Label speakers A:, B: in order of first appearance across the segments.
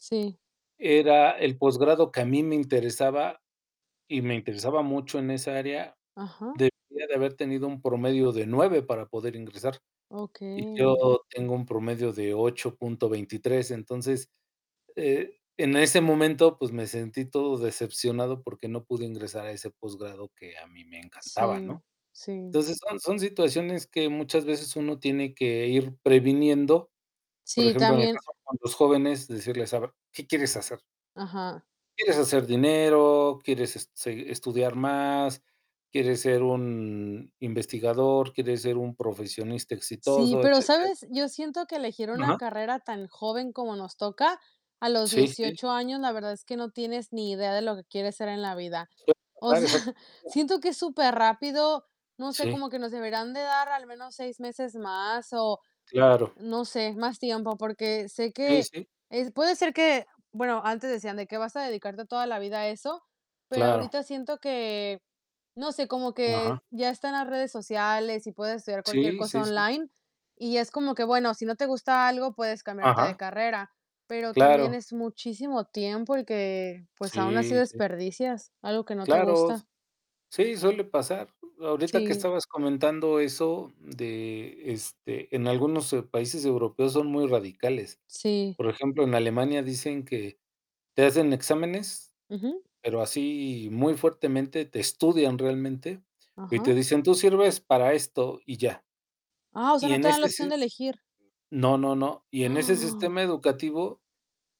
A: Sí.
B: Era el posgrado que a mí me interesaba y me interesaba mucho en esa área.
A: Ajá.
B: Debía de haber tenido un promedio de 9 para poder ingresar y
A: Okey.
B: yo tengo un promedio de 8.23. Entonces, eh, en ese momento, pues me sentí todo decepcionado porque no pude ingresar a ese posgrado que a mí me encantaba,
A: Sí,
B: ¿no?
A: sí.
B: Entonces, son son situaciones que muchas veces uno tiene que ir previniendo. Por
A: Sí,
B: ejemplo, en el
A: también.
B: caso con los jóvenes, decirles: "A ver, ¿qué quieres hacer?".
A: Ajá.
B: "¿quieres hacer dinero? ¿Quieres seg estudiar más? ¿Quieres ser un investigador? ¿Quieres ser un profesionista
A: Sí,
B: exitoso?",
A: pero
B: etcétera.
A: ¿sabes? Yo siento que elegir una
B: Ajá.
A: carrera tan joven como nos toca a los
B: Sí, sí.
A: 18 años, la verdad es que no tienes ni idea de lo que quieres ser en la vida.
B: Suele
A: O
B: pasar,
A: sea,
B: exactamente.
A: siento que es superrápido, no sé,
B: Sí.
A: como que nos deberián de dar al menos 6 meses más o
B: Claro.
A: no sé, más tiempo. Porque sé
B: Sí,
A: que
B: sí.
A: es puede ser que bueno, antes decían de que vas a dedicarte toda la vida a eso. Pero
B: Claro.
A: ahorita siento que, no sé, como que
B: Ajá.
A: ya están las redes sociales y puedes estudiar cualquier
B: Sí,
A: cosa
B: sí, sí.
A: online y es como que bueno, si no te gusta algo puedes cambiarte de
B: Ajá.
A: carrera. Pero también
B: Claro.
A: es muchísimo tiempo el que, pues, aun así
B: Sí, sí.
A: desperdicias, algo que no te
B: Claro, s
A: gusta.
B: sí, suele pasar. Ahorita que
A: Sí.
B: estabas comentando eso de este, en algunos países europeos son muy radicales.
A: Sí.
B: Por ejemplo, en Alemania dicen que te hacen exámenes,
A: Ujú.
B: pero así muy fuertemente te estudian realmente y
A: Ajá.
B: te dicen: "Tú sirves para esto y ya".
A: Ah, o sea,
B: Y
A: no
B: en
A: te dan la
B: ese
A: opción
B: si
A: de elegir.
B: No, no, no. Y en ese
A: ¡Ah!
B: sistema educativo,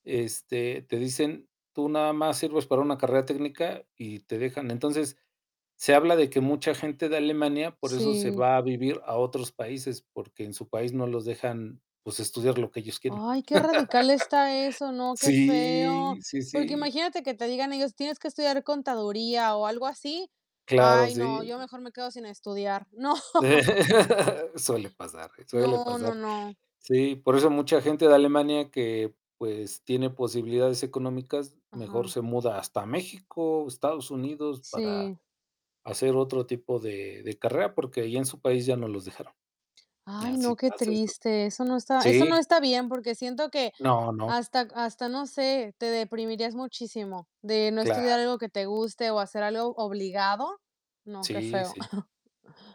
B: este, te dicen: "Tú nada más sirves para una carrera técnica" y te dejan. Entonces, se habla de que mucha gente de Alemania por eso se
A: Sí.
B: va a vivir a otros países, porque en su país no los dejan, pues, estudiar lo que ellos quieren.
A: Ay, qué radical está eso, ¿no?, qué feo.
B: Sí, sí,
A: Porque
B: sí.
A: imagínate que te digan ellos: "Tienes que estudiar contaduría" o algo así.
B: Claro,
A: Ay, no,
B: sí.
A: yo mejor me quedo sin estudiar. No
B: Suele pasar, suele
A: No, no,
B: pasar.
A: no.
B: Sí, por eso mucha gente de Alemania que, pues, tiene posibilidades económicas, mejor
A: Ajá.
B: se muda hasta México o Estados Unidos para
A: Sí.
B: hacer otro tipo de de carrera, porque ya en su país ya no los dejaron. Y
A: Ay,
B: así
A: no, qué
B: pasa esto.
A: triste. Eso no está eso no
B: Sí.
A: está bien, porque siento que
B: No, no.
A: hasta hasta no sé, te deprimirías muchísimo de no
B: Claro.
A: estudiar algo que te guste o hacer algo obligado. No, qué
B: Sí,
A: feo.
B: sí.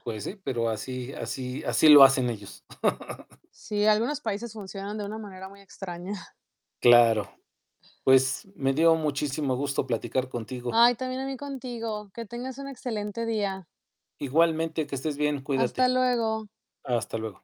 B: Pues sí, pero así así así lo hacen ellos.
A: Sí, algunos países funcionan de una manera muy extraña.
B: Claro. Pues me dio muchísimo gusto platicar contigo.
A: Ay, también a mí contigo. Que tengas un excelente día.
B: Igualmente, que estés bien.
A: Hasta
B: Cuídate.
A: luego.
B: Hasta luego.